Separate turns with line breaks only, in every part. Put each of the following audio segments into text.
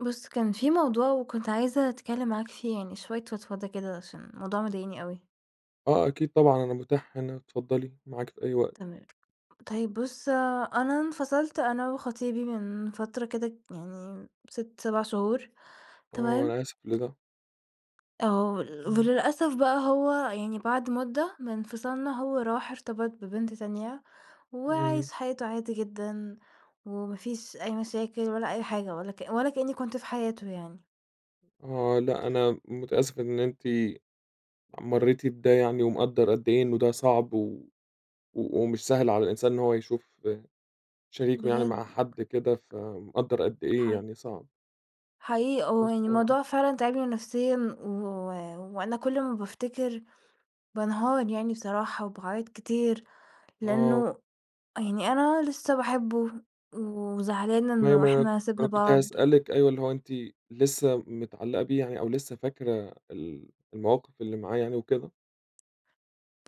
بُص كان في موضوع وكنت عايزة أتكلم معاك فيه يعني شوية فضفضة كده عشان الموضوع مضايقني أوي.
آه أكيد طبعًا، أنا متاح هنا، اتفضلي، معاكِ في أي وقت.
تمام، طيب بُص أنا انفصلت أنا وخطيبي من فترة كده يعني 6، 7 شهور،
آه
تمام؟
أنا آسف لده.
آه، ول
امم.
وللأسف بقى هو يعني بعد مُدة من انفصالنا هو راح ارتبط ببنت تانية
امم.
وعايش حياته عادي جدًا، وما فيش أي مشاكل ولا أي حاجة ولا كأ ولا كأني كنت في حياته يعني.
آه، لأ، أنا متأسف إن أنتِ مريتِ بده يعني ومقدر قد إيه إنه ده صعب و و ومش سهل على الإنسان إن هو يشوف شريكه يعني
بجد.
مع حد كده، فمقدر قد إيه
ح
يعني صعب.
حقيقي آه،
بس
يعني
آه.
الموضوع فعلًا تاعبني نفسيًا و وأنا كُل ما بافتكر، بانهار يعني بصراحة وباعيط كتير
آه.
لأنه يعني أنا لسه باحبه وزعلانة
ما هي
إنه
ما ما
إحنا سِبنا
أنا كنت
بعض.
هأسألِك أيوه اللي هو أنتِ لسه متعلقة بيه يعني أو لسه فاكرة ال المواقف اللي معاه يعني وكده؟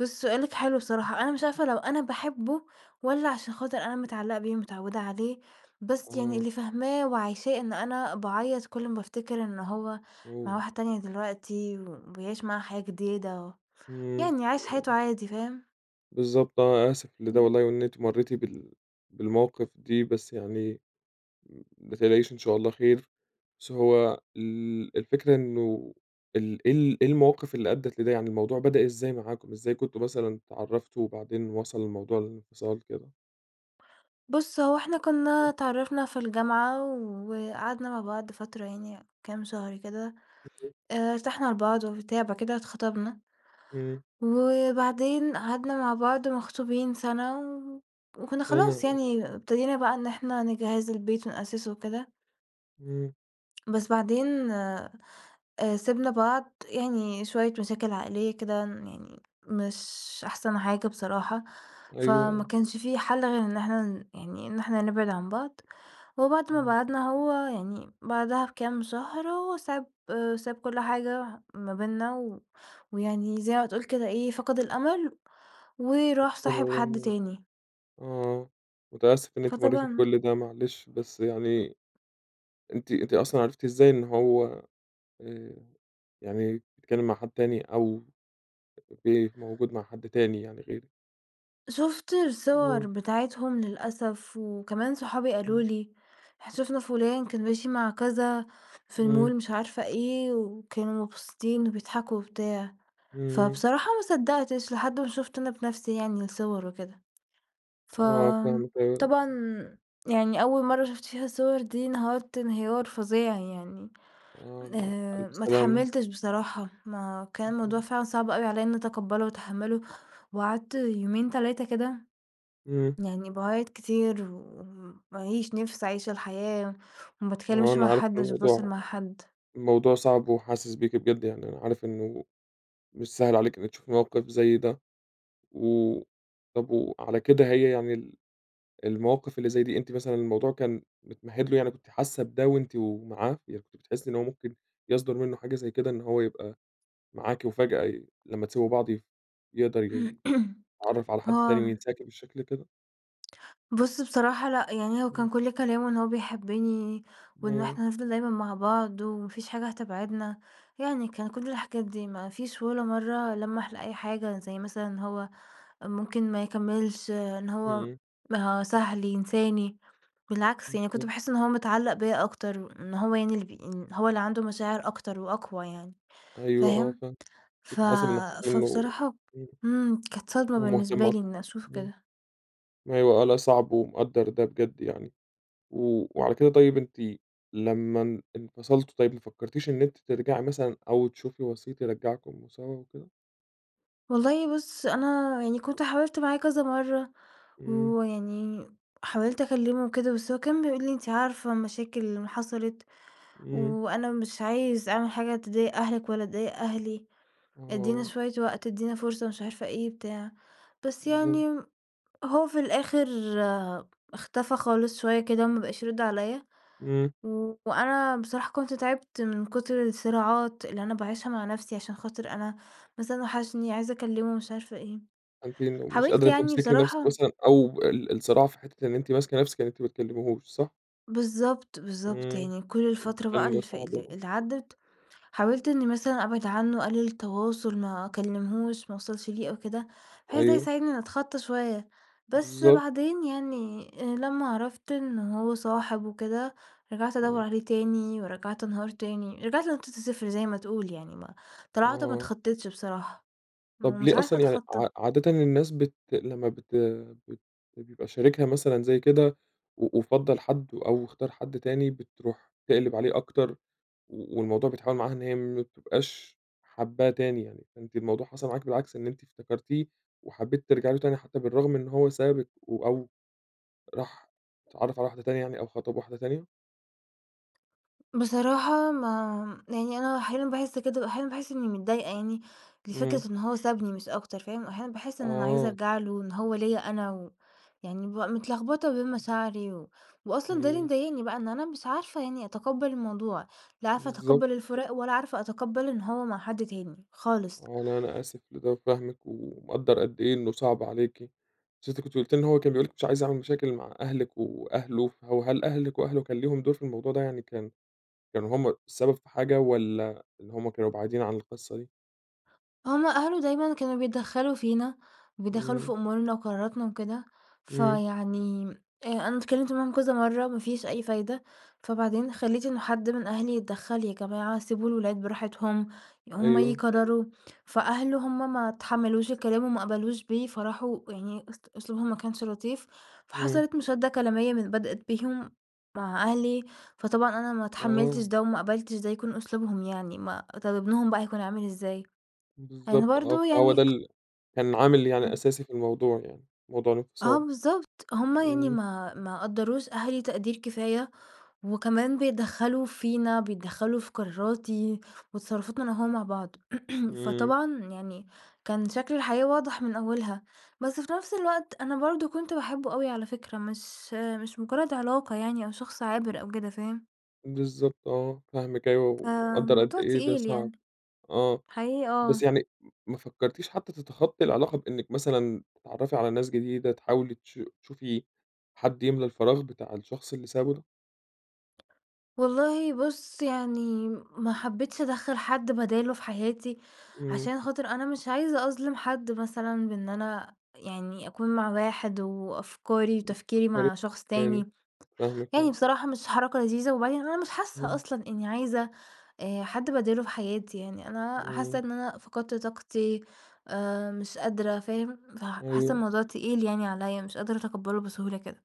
بُص سؤالك حلو
[unintelligible]
بصراحة، أنا مش عارفة لو أنا باحبه والّا عشان خاطر أنا متعلقة بيه ومتعودة عليه، بس يعني
آه.
اللي فاهماه وعايشاه إن أنا باعيط كل ما بافتكر إن هو مع
أوه!
واحده تانية دلوقتي وبيعيش معاها حياة جديدة و
امم،
يعني عايش حياته
[unintelligible]
عادي، فاهم؟
بالضبط آه، آسف لده
[unintelligible]
والله وإن أنتِ مريتِ بال بالمواقف دي، بس يعني م ما تقلقيش إن شاء الله خير. بس هو ال الفكرة إنه إيه ال إيه ال إيه المواقف اللي أدِّت لده؟ يعني الموضوع بدأ إزاي معاكم؟ إزاي كنتم مثلًا اتعرفتم وبعدين وصل الموضوع للانفصال كده؟
بُص هو إحنا كنا
[unintelligible]
اتعرفنا في الجامعة وقعدنا مع بعض فترة يعني كام شهر كده،
[unintelligible]
آآ ارتحنا لبعض وبتاع، بعد كده اتخطبنا
امم.
وبعدين قعدنا مع بعض مخطوبين سنة و وكنا
سنة،
خلاص
آه.
يعني ابتدينا بقى إن إحنا نجهِّز البيت ونأسسه وكده.
امم.
بس بعدين آآ سِبنا بعض، يعني شوية مشاكل عائلية كده ن يعني مش أحسن حاجة بصراحة،
أيوه،
فما
آه.
كانش في حل غير إن إحنا ن يعني إن إحنا نبعد عن بعض، وبعد ما
امم.
بعدنا هو يعني بعدها بكام شهر هو ساب ساب كل حاجة ما بيننا و ويعني زي ما تقول كده إيه فقد الأمل وراح صاحب حد
[unintelligible]
تاني.
آه، متأسف إن أنتِ مريتِ
فطبعًا
بكل ده معلش، بس يعني أنتِ أنتِ أصلًا عرفتِ إزاي إن هو آآ يعني اتكلم مع حد تاني أو بي موجود مع حد تاني يعني غيرِك؟
شُفت الصور
آه.
بتاعتهم للأسف وكمان صحابي قالوا
امم.
لي:" إحنا شفنا فُلان كان ماشي مع كذا في
امم.
المول" مش عارفة إيه وكانوا مبسوطين وبيضحكوا وبتاع،
امم.
فبصراحة ما صدقتش لحد ما شُفت أنا بنفسي يعني الصور وكده.
آه، فاهمِك أيوه.
فطبعًا يعني أول مرّة شُفت فيها الصور دي انهرت انهيار فظيع يعني،
آه، لأ،
آآ
ألف
ما
سلامة.
اتحملتش بصراحة، ما كان الموضوع
[unintelligible]
فعلًا صعب أوي عليَّ إني أتقبله وأتحمله وقعدت يومين، 3 كده
امم.
يعني باعيط كتير وما ليش نِفس أعيش الحياة وما
آه،
باتكلمش مع
أنا عارف
حد، مش باتواصل
الموضوع
مع حد.
الموضوع صعب وحاسس بيكِ بجد يعني أنا عارف إنه مش سهل عليكِ إنِك تشوفي موقف زي ده. و طب وعلى كده هي يعني ال المواقف اللي زي دي أنتِ مثلًا الموضوع كان متمهد له؟ يعني كنتِ حاسة بده وأنتِ و معاه؟ يعني كنتِ بتحسي إن هو ممكن يصدر منه حاجة زي كده إن هو يبقى معاكِ وفجأة ي لمّا تسيبوا بعض يف يقدر ي يتعرف على حد
هو
تاني وينساكِ بالشكل كده؟
بُص بصراحة لأ، يعني هو كان
امم.
كُل كلامه إن هو بيحبني وإن
امم.
إحنا هنفضل دايمًا مع بعض وما فيش حاجة هتبعدنا، يعني كان كُل الحاجات دي، ما فيش ولا مرة لمّح لأي حاجة زي مثلًا إن هو ممكن ما يكملش، إن هو
امم.
سهل ينساني، بالعكس، يعني كنت
بالضبط.
باحس إن هو متعلق بيَّ أكتر وإن هو يعني اللي بي إن هو اللي عنده مشاعر أكتر وأقوى يعني،
أيوه آه،
فاهم؟
فاهم،
ف
كنتِ حاسة من ناحية إنه
فبصراحة
امم،
امم، كانت صدمة
ومهتم
بالنسبة
أكت
لي إني أشوف
امم،
كده.
أيوه آه، لأ صعب ومقدر ده بجد يعني، و وعلى كده طيب أنتِ لمّا ان انفصلتم طيب ما فكرتِيش إن أنتِ ترجعي مثلًا أو تشوفي وسيط يرجعكم سوا وكده؟
والله بُص أنا يعني كنت حاولت معاه كذا مرّة
امم.
ويعني حاولت أكلمه وكده بس هو كان بيقول لي: "أنتِ عارفة المشاكل اللي حصلت
امم.
وأنا مش عايز أعمل حاجة تضايق أهلِك ولا تضايق أهلي، ادينا
آه.
شوية وقت، ادينا فرصة،" مش عارفة إيه بتاع، بس
بالضبط.
يعني هو في الآخر اختفى خالص شوية كده ما بقاش يرد عليَّ
امم.
و وأنا بصراحة كنت تعبت من كتر الصراعات اللي أنا باعيشها مع نفسي عشان خاطر أنا بس أنا وحشني عايزة أكلمه مش عارفة إيه،
فأنتِ ن ومش
حاولت
قادرة
يعني
تمسكي نفسِك
بصراحة
مثلًا أو ال الصراع في حتة إن أنتِ ماسكة نفسِك إن أنتِ ما تكلميهوش، صح؟
بالضبط، بالضبط،
امم،
يعني كل الفترة بقى
حمل
اللي فا
صعب
اللي
اوي.
اللي عدِّت حاولت إني مثلًا أبعد عنه، أقلل التواصل، ما أكلمهوش، ما أوصلش ليه أو كده، بحيث ده
أيوه.
يساعدني إني أتخطى شوية. بس
بالضبط.
بعدين يعني لمّا عرفت إن هو صاحب وكده رجعت أدوَّر
امم.
عليه تاني ورجعت أنهار تاني، رجعت لنقطة الصفر زي ما تقول يعني ما طلعت ما
آه.
أتخطتش بصراحة، ما هو
طب
مش
ليه
عارفة
أصلًا؟ يعني
أتخطى.
عا عادةً الناس بت لمّا بت بت بيبقى شريكها مثلًا زي كده و وفضَّل حد أو اختار حد تاني بتروح تقلب عليه أكتر و والموضوع بيتحول معاها إن هي ما بتبقاش حاباه تاني يعني، فأنتِ الموضوع حصل معاكِ بالعكس إن أنتِ افتكرتيه وحبيتِ ترجعي له تاني حتى بالرغم من إنه هو سابِك و أو راح اتعرف على واحدة تانية يعني أو خطب واحدة تانية؟
بصراحة ما يعني أنا أحيانًا باحس كده وأحيانًا باحس إني متضايقة يعني لفكرة
امم.
إن هو سابني مش أكتر، فاهم، وأحيانًا باحس إن أنا عايزة
آه.
أرجع له وإن هو ليَّ أنا و يعني بابقى متلخبطة بين مشاعري و وأصلًا ده اللي
امم.
مضايقني بقى إن أنا مش عارفة يعني أتقبل الموضوع، لا عارفة
بالضبط.
أتقبل الفراق ولا عارفة أتقبل إن هو مع حد تاني، خالص.
آه لا أنا آسف لده وفاهمِك ومقدر قد إيه إنه صعب عليكِ. بس أنتِ كنتِ قُلتِ إن هو كان بيقول لِك مش عايز أعمل مشاكل مع أهلِك وأهله، فهو هل أهلِك وأهله كان ليهم دور في الموضوع ده؟ يعني كان كانوا هم السبب في حاجة والّا إن هما كانوا بعيدين عن القصة دي؟
هُم أهله دايمًا اللي كانوا بيتدخلوا فينا، بيتدخلوا في
امم.
أمورنا وقراراتنا وكده،
امم.
فيعني آآ أنا اتكلمت معاهم كذا مرّة، ما فيش أي فايدة، فبعدين خلّيت إنه حد من أهلي يتدخل، "يا جماعة سيبوا الولاد براحتهم هُم
أيوه.
يقرروا،" فأهله هُم ما اتحملوش الكلام وما قبلوش بيه فراحوا يعني است أسلوبهم ما كانش لطيف/
امم.
فحصلت مُشادة كلامية من بدأت بيهم مع أهلي، فطبعًا أنا ما اتحملتش
آه.
ده وما قبلتش ده يكون أسلوبهم يعني ما طب ابنهم بقى هيكون عامل إزاي؟ أنا
بالضبط آه،
برضه
فهو
يعني
ده
ك
ال كان عامل يعني
امم.
أساسي في الموضوع يعني، موضوع
آه
الانفصال،
بالضبط، هُم يعني
امم.
ما ما قدّروش أهلي تقدير كفاية وكمان بيتدخلوا فينا، بيتدخلوا في قراراتي وتصرفاتنا أنا وهو مع بعض.
امم.
فطبعًا يعني كان شكل الحياة واضح من أولها، بس في نفس الوقت أنا برضه كنت باحبه أوي على فكرة مش مش مجرد علاقة يعني أو شخص عابر أو كده، فاهم؟
بالضبط آه، فاهمِك أيوه ومقدر قد
فموضوع
إيه ده
تقيل
صعب.
يعني،
آه،
حقيقي
بس
آه.
يعني ما فكرتِيش حتى تتخطي العلاقة بإنِك مثلًا تتعرفي على ناس جديدة، تحاولي تش تشوفي حد يملى الفراغ بتاع الشخص اللي سابه ده؟
والله بُص يعني ما حبيتش أدخّل حد بداله في حياتي
امم.
عشان خاطر أنا مش عايزة أظلم حد مثلًا بإن أنا يعني أكون مع واحد وأفكاري وتفكيري
بتفكرِك
مع شخص
تاني،
تاني،
فاهمِك
يعني
آه.
بصراحة مش حركة لذيذة وبعدين أنا مش حاسة
امم.
أصلًا إني عايزة آآ حد بداله في حياتي يعني، أنا حاسة
امم.
إن أنا فقدت طاقتي آآ مش قادرة، فاهم، فحاسة
أيوه.
الموضوع تقيل يعني عليَّ، مش قادرة أتقبله بسهولة كده.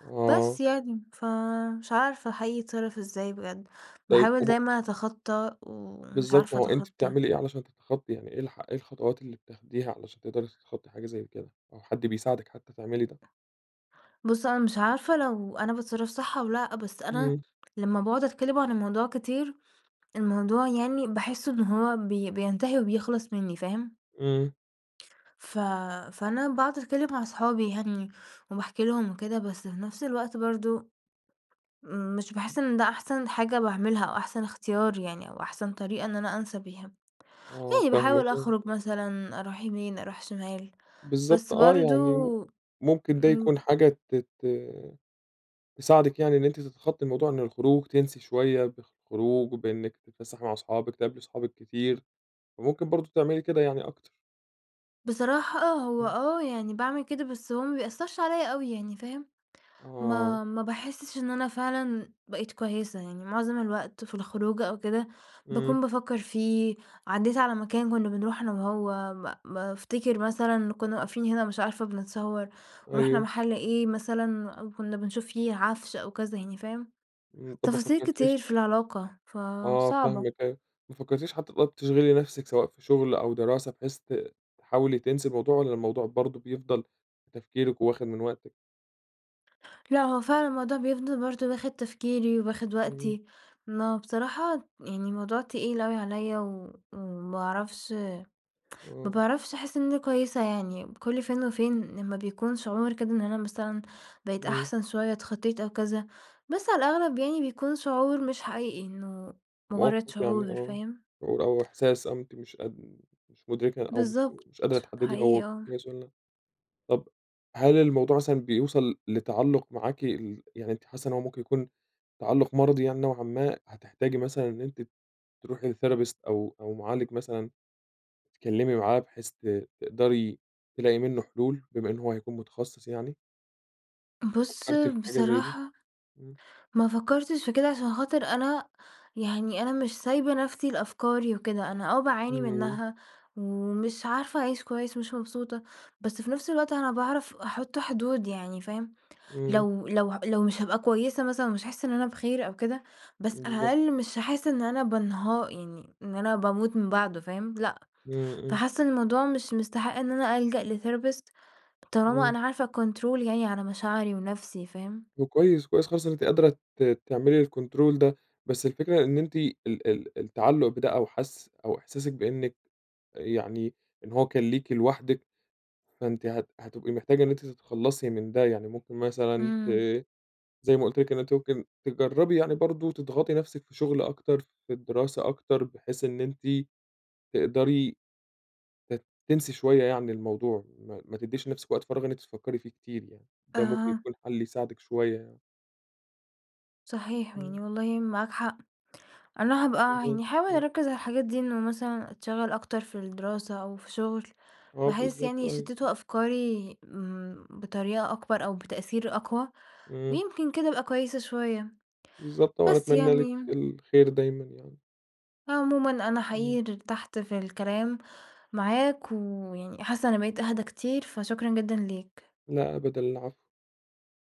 آه.
بس يعني، فمش عارفة حقيقي أتصرف إزاي بجد،
طيب
باحاول
هو
دايمًا أتخطى ومش
بالضبط، ما
عارفة
هو أنتِ
أتخطى.
بتعملي إيه علشان تتخطي؟ يعني إيه الح إيه الخطوات اللي بتاخديها علشان تقدري تتخطي حاجة زي كده أو حد بيساعدِك حتى تعملي ده؟
بُص هو أنا مش عارفة لو أنا باتصرف صح أو لأ، بس أنا
امم.
لمّا باقعد أتكلم عن الموضوع كتير، الموضوع يعني باحس إن هو بي بينتهي وبيخلص منّي، فاهم؟
امم.
ف فأنا باقعد أتكلم مع صحابي يعني وباحكي لهم وكده بس في نفس الوقت برضه مش باحس إن ده أحسن حاجة باعملها أو أحسن اختيار يعني أو أحسن طريقة إن أنا أنسى بيها.
آه،
يعني
فاهمِك،
باحاول
آه.
أخرج مثلًا، أروح يمين، أروح شمال،
بالضبط
بس
آه،
برضه
يعني ممكن ده يكون
امم.
حاجة ت ت تساعدِك يعني إن أنتِ تتخطي الموضوع إن الخروج تنسي شوية بالخروج وبإنِك تتفسحي مع صحابِك، تقابلي صحابِك كتير، وممكن برضه تعملي كده يعني أكتر.
بصراحة آه، هو
امم.
آه يعني باعمل كده بس هو ما بيأثرش عليَّ أوي يعني، فاهم؟
آه.
ما ما باحسش إن أنا فعلًا بقيت كويسة، يعني مُعظم الوقت في الخروجة أو كده
امم.
باكون بافكر فيه، عدّيت على مكان كنا بنروحه أنا وهو ب بافتكر مثلًا كنا واقفين هنا مش عارفة بنتصور ورُحنا
أيوه.
محل إيه مثلًا أو كنا بنشوف فيه عفش أو كذا يعني، فاهم؟
امم، طب ما
تفاصيل كتير
فكرتيش
في العلاقة،
آه
فصعبة.
فاهمِك أيوه، ما فكرتيش حتى طب تشغلي نفسِك سواء في شغل أو دراسة بحيث ت تحاولي تنسي الموضوع والّا الموضوع برضه بيفضل في تفكيرِك وواخد من وقتِك؟
لأ هو فعلًا الموضوع بيفضل برضه واخد تفكيري، واخد
امم.
وقتي، ما هو بصراحة يعني الموضوع تقيل أوي عليَّ و وما باعرفش ما
آه.
باعرفش أحس إن أنا كويسة يعني كل فين وفين لمّا بيكون شعور كده إن أنا مثلًا بقيت
امم.
أحسن شوية، اتخطيت أو كذا، بس على الأغلب يعني بيكون شعور مش حقيقي إنه مجرد
موقف يعني
شعور،
آه،
فاهم؟
شعور أو إحساس أو أنتِ مش قد مش مدركة أو مش
بالضبط،
مش قادرة تحددي هو
حقيقي آه.
كويس والّا طب هل الموضوع مثلًا بيوصل لتعلق معاكِ ال يعني أنتِ حاسة إن هو ممكن يكون تعلق مَرَضي يعني نوعًا ما هتحتاجي مثلًا إن أنتِ تروحي لTherapist أو أو مُعالج مثلًا تتكلمي معاه بحيث ت تقدري تلاقي منه حلول بما إن هو هيكون متخصص يعني؟
بُص
فكرتِ في حاجة زي دي؟
بصراحة،
امم.
ما فكرتش في كده عشان خاطر أنا يعني أنا مش سايبة نفسي لأفكاري وكده، أنا آه باعاني
امم.
منها ومش عارفة أعيش كويس ومش مبسوطة، بس في نفس الوقت أنا باعرف أحط حدود يعني، فاهم.
امم.
لو لو ه لو مش هابقى كويسة مثلًا ومش هاحس إن أنا بخير أو كده بس على
بالضبط.
الأقل مش هاحس إن أنا بانها يعني إن أنا باموت من بعده، فاهم، لأ،
امم، امم.
فحاسة إن الموضوع مش مستحق إن أنا ألجأ لTherapist طالما
امم.
أنا عارفة أكونترول يعني على مشاعري ونفسي، فاهم؟
طب كويس، كويس خالص إن أنتِ قادرة ت تعملي الكنترول ده، بس الفكرة إن أنتِ ال ال التعلق بده أو حس أو إحساسِك بأنِك يعني إن هو كان ليكِ لوحدِك، فأنتِ هت هتبقي محتاجة إن أنتِ تتخلصي من ده يعني ممكن مثلًا ت
امم.
زي ما قُلت لِك إن أنتِ ممكن تجربي يعني برضه تضغطي نفسِك في شغل أكتر، في الدراسة أكتر، بحيث إن أنتِ تقدري ت تنسي شوية يعني الموضوع ما ما تديش لنفسِك وقت فراغ إن أنتِ تفكري فيه كتير يعني، ده ممكن
آه.
يكون حل يساعدِك شوية يعني.
صحيح
امم.
يعني والله معاك حق. أنا هابقى يعني
بالضبط،
هاحاول
آه.
أركِز على الحاجات دي إنه مثلًا أتشغل أكتر في الدراسة أو في شغل
آه
بحيث
بالضبط،
يعني
أيوه.
يشتتوا أفكاري، امم، بطريقة أكبر أو بتأثير أقوى
امم.
ويمكن كده أبقي كويسة شوية.
بالضبط آه، وأنا
بس
أتمنى لِك
يعني
الخير دايمًا يعني.
عمومًا أنا
امم.
حقيقي ارتحت في الكلام معاك ويعني حاسة إني بقيت أهدا كتير فشكرًا جدًا ليك.
لا أبدًا العفو.